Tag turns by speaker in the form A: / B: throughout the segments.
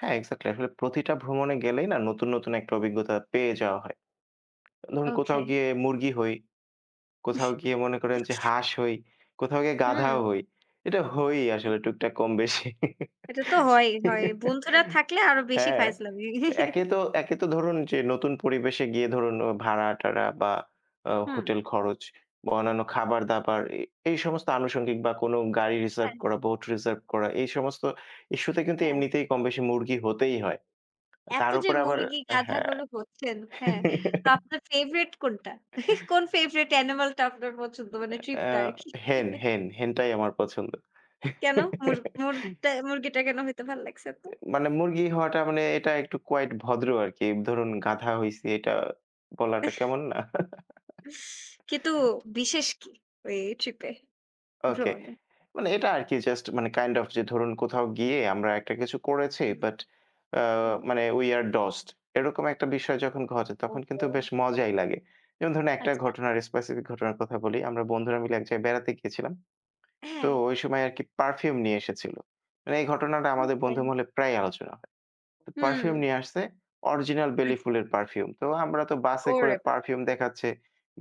A: হ্যাঁ এক্সাক্টলি। আসলে প্রতিটা ভ্রমণে গেলেই না নতুন, নতুন একটা অভিজ্ঞতা পেয়ে যাওয়া হয়। ধরুন কোথাও
B: ওকে।
A: গিয়ে মুরগি হই। কোথাও গিয়ে মনে করেন যে হাঁস হই, কোথাও গিয়ে গাধাও
B: হুম।
A: হই। এটা হয়ই
B: হুম।
A: আসলে টুকটাক কম বেশি।
B: এটা তো হয়ই হয়। বন্ধুরা থাকলে আরো বেশি
A: হ্যাঁ,
B: ফাইজলামি।
A: একে তো একে তো ধরুন যে নতুন পরিবেশে গিয়ে ধরুন ও ভাড়া টারা বা আ
B: হুম।
A: হোটেল খরচ বা অন্যান্য খাবার দাবার এ এই সমস্ত আনুষঙ্গিক বা কোনো গাড়ি রিজার্ভ
B: হ্যাঁ।
A: করা বোট রিজার্ভ করা এই সমস্ত ইস্যুতে কিন্তু
B: হ্যাঁ।
A: এমনিতেই কমবেশি মুরগি হতেই হয়।
B: এত
A: তার
B: যে
A: উপরে আবার
B: মুরগি, গাধা,
A: হ্যাঁ।
B: গরু হচ্ছেন। হ্যাঁ। তো আপনার ফেভারাইট কোনটা? কোন ফেভরাইট অ্যানিমালটা আপনার পছন্দ? মানে ট্রিপ
A: আ
B: টা আরকি।
A: হেন, হেন, হেন টাই আমার পছন্দ।
B: কেনো? মুর মুরগ মুরগিটা কেনো হইতে ভাল লাগছে এত?
A: অ্যা মানে মুরগি হওয়াটা মানে এটা একটু কুয়াইট ভদ্র আরকি। ধরুন গাধা হইছি এইটা বলাটা কেমন না?
B: কিন্তু বিশেষ কি? ওই ট্রিপে,
A: ওকে
B: ভ্রমণে?
A: মানে এটা আরকি জাস্ট মানে কাইন্ড অফ যে ধরুন কোথাও গিয়ে আমরা একটা কিছু করেছি
B: হুম,
A: বাট আ
B: হুম।
A: মানে উই আর ডসড এরকম একটা বিষয় যখন ঘটে তখন
B: ওহো।
A: কিন্তু বেশ মজাই লাগে। যেমন ধরুন একটা
B: আচ্ছা।
A: ঘটনার স্পেসিফিক ঘটনার কথা বলি, আমরা বন্ধুরা মিলে এক জায়গায় বেড়াতে গিয়েছিলাম। তো
B: হ্যাঁ।
A: ঐ সময় আরকি পারফিউম নিয়ে এসেছিল। মানে এই ঘটনাটা আমাদের
B: ওকে।
A: বন্ধু মহলে প্রায়ই আলোচনা হয়। পারফিউম
B: হুম।
A: নিয়ে আসছে অরিজিনাল বেলি
B: আচ্ছা।
A: ফুলের পারফিউম। তো আমরা তো বাসে
B: ও।
A: করে
B: [unintelligible]
A: পারফিউম দেখাচ্ছে,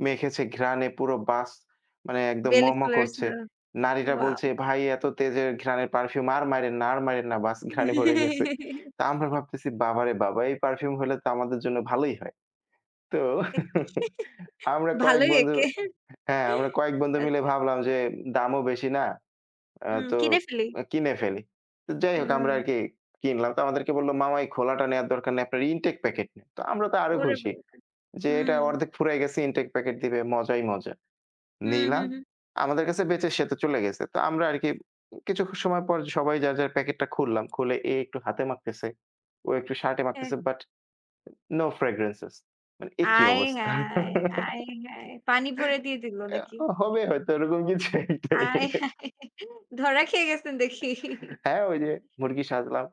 A: মেখেছে ঘ্রাণ পুরো বাস মানে একদম ম,
B: বেলি
A: ম
B: ফুলের
A: করছে।
B: স্মেল,
A: নারীরা
B: ওয়াও।
A: বলছে ভাই এত তেজের ঘ্রাণের পারফিউম আর মাইরেন না আর মাইরেন না বাস ঘ্রাণে ভরে গেছে। তো আমরা ভাবতেছি বাবারে বাবা এই পারফিউম হলে তো আমাদের জন্য ভালোই হয়। তো আমরা কয়েক
B: ভালই
A: বন্ধু
B: একে।
A: হ্যাঁ আমরা কয়েক বন্ধু মিলে
B: আচ্ছা।
A: ভাবলাম যে দামও বেশি না। আ
B: উম
A: তো
B: কিনে ফেলি।
A: অ্যা কিনে ফেলি। তো যাইহোক আমরা
B: উম।
A: আরকি কিনলাম। তো আমাদেরকে বলল মামা এই খোলাটা নেয়ার দরকার নাই। আপনার ইনটেক প্যাকেট নেন। তো আমরা তো আরো
B: ওরে
A: খুশি
B: [unintelligible]
A: যে এটা
B: হুম।
A: অর্ধেক ফুরাই গেছে ইনটেক প্যাকেট দিবে মজাই মজা।
B: হুম,
A: নিলাম,
B: হুম, হুম।
A: আমাদের কাছে বেঁচে সে তো চলে গেছে। তো আমরা আরকি কিছু সময় পর সবাই যার, যার প্যাকেটটা খুললাম খুলে এ একটু হাতে মাখতেছে, ও একটু শার্টে
B: হ্যাঁ।
A: মাখতেছে বাট নো ফ্রেগ্রেন্সেস মানে এ কি
B: আয়
A: অবস্থা?
B: হায়, আয় হায় পানি ভরে দিয়ে দিলো
A: অ্যা
B: নাকি?
A: হবে হয়তো এরকম কিছু একটাই।
B: আয় হায় ধরা খেয়ে গেছেন দেখি।
A: হ্যাঁ, ঐ যে মুরগি সাজলাম।